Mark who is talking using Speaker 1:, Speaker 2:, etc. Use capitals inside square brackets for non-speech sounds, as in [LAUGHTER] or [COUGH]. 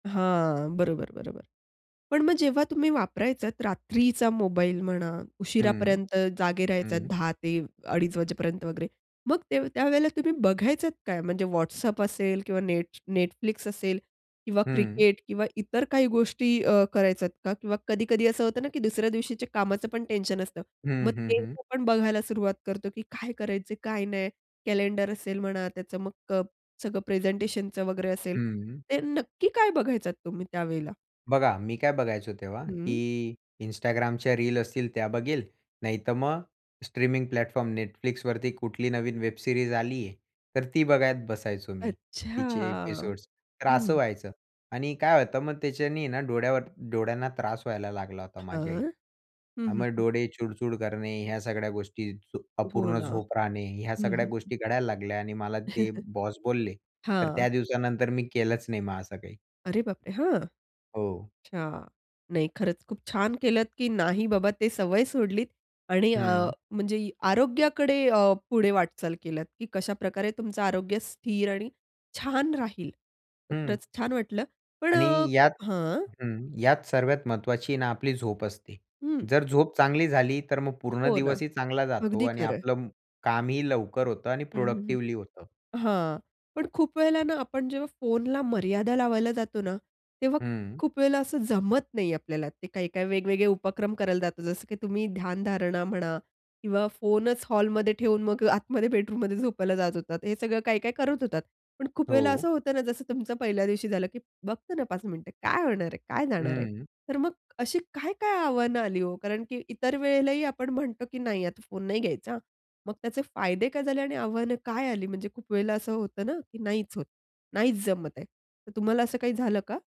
Speaker 1: हां, बरोबर, बरोबर. पण मग जेव्हा तुम्ही वापरायचात रात्रीचा मोबाईल म्हणा
Speaker 2: हं.
Speaker 1: उशिरापर्यंत जागे राहायचात
Speaker 2: हं.
Speaker 1: 10:00 ते अडीच वाजेपर्यंत वगैरे, मग ते त्यावेळेला तुम्ही बघायचात काय? म्हणजे WhatsApp असेल किंवा नेट Netflix असेल किंवा
Speaker 2: हं.
Speaker 1: क्रिकेट किंवा इतर काही गोष्टी अ, करायचात का? किंवा कधी-कधी असं होतं ना, की दुसऱ्या दिवशीच्या कामाचं पण टेन्शन असतं.
Speaker 2: हं,
Speaker 1: मग
Speaker 2: हं,
Speaker 1: ते
Speaker 2: हं.
Speaker 1: पण बघायला सुरुवात करतो, की काय करायचं काय नाही. कॅलेंडर असेल म्हणा त्याचं मग अ, सगळं प्रेझेंटेशनचं वगैरे असेल.
Speaker 2: हं.
Speaker 1: ते नक्की काय बघायचात तुम्ही त्यावेळेला?
Speaker 2: बघा, मी काय बघायचो तेव्हा
Speaker 1: हं.
Speaker 2: की Instagramच्या रील्स असतील त्या बघेल, नाहीतर मग स्ट्रीमिंग प्लॅटफॉर्म Netflixवरती कुठली नवीन वेब सीरीज आली आहे, तर ती बघत बसायचो मी.
Speaker 1: अच्छा!
Speaker 2: तिचे एपिसोड्स. तर असं
Speaker 1: हं.
Speaker 2: व्हायचं. आणि काय होतं मग त्याच्यानी आहे ना डोळ्यावर डोळ्यांना त्रास व्हायला लागला होता माझ्याही.
Speaker 1: हां. हं,
Speaker 2: अ,
Speaker 1: हं,
Speaker 2: मग
Speaker 1: हं.
Speaker 2: डोळे चुडचूड करणे, ह्या सगळ्या गोष्टी, झ
Speaker 1: हो
Speaker 2: अपूर्ण
Speaker 1: ना.
Speaker 2: झोप राहणे, ह्या
Speaker 1: हं,
Speaker 2: सगळ्या
Speaker 1: हं.
Speaker 2: गोष्टी घडायला लागल्या आणि मला ते
Speaker 1: [CHUCKLES]
Speaker 2: बॉस बोलले. तर
Speaker 1: हां.
Speaker 2: त्या दिवसानंतर मी केलंच नाही मग असं काही.
Speaker 1: अरे बापरे! हां!
Speaker 2: हो.
Speaker 1: अच्छा. नाही खरंच खूप छान केलंत, की नाही बाबा ते सवय सोडलीत आणि अ,
Speaker 2: हं.
Speaker 1: म्हणजे आरोग्याकडे अ, पुढे वाटचाल केलंत. की कशाप्रकारे तुमचं आरोग्य स्थिर आणि छान राहील. तर
Speaker 2: हं.
Speaker 1: खरंच छान वाटलं. पण
Speaker 2: आणि
Speaker 1: अ, को
Speaker 2: यात
Speaker 1: हां.
Speaker 2: हं, यात सर्वात महत्त्वाची आहे ना आपली झोप असते.
Speaker 1: हं.
Speaker 2: जर झोप चांगली झाली, तर मग पूर्ण
Speaker 1: हो ना.
Speaker 2: दिवसही चांगला जातो
Speaker 1: अगदी
Speaker 2: आणि
Speaker 1: खरंय.
Speaker 2: आपलं कामही लवकर होतं आणि
Speaker 1: हं, हं, हं.
Speaker 2: प्रॉडक्टिव्हली होतं.
Speaker 1: हां. पण खूप वेळेला ना आपण जेव्हा फोनला मर्यादा लावायला जातो ना, तेव्हा
Speaker 2: हं.
Speaker 1: खूप वेळेला असं जमत नाही आपल्याला. ते काही-काही वेगवेगळे उपक्रम करायला जातो जसं, की तुम्ही ध्यानधारणा म्हणा किंवा फोनच हॉलमध्ये ठेऊन मग आतमध्ये बेडरूममध्ये झोपायला जात होतात. हे सगळं काही-काही करत होतात. पण खूप वेळेला
Speaker 2: हो.
Speaker 1: असं होतं जसं तुमचं पहिल्या दिवशी झालं, की "बघतो ना 5 मिनिटं. काय होणार आहे? काय जाणार आहे?"
Speaker 2: हं.
Speaker 1: तर मग अशी काय-काय आव्हानं आली हो? कारण की इतर वेळेलाही आपण म्हणतो, की "नाही, आता फोन नाही घ्यायचा हां!" मग त्याचे फायदे काय झाले आणि आव्हानं काय आली? म्हणजे खूप वेळेला असं होतं ना, की नाहीच होत. नाहीच जमत आहे. तर तुम्हाला असं काही झालं का?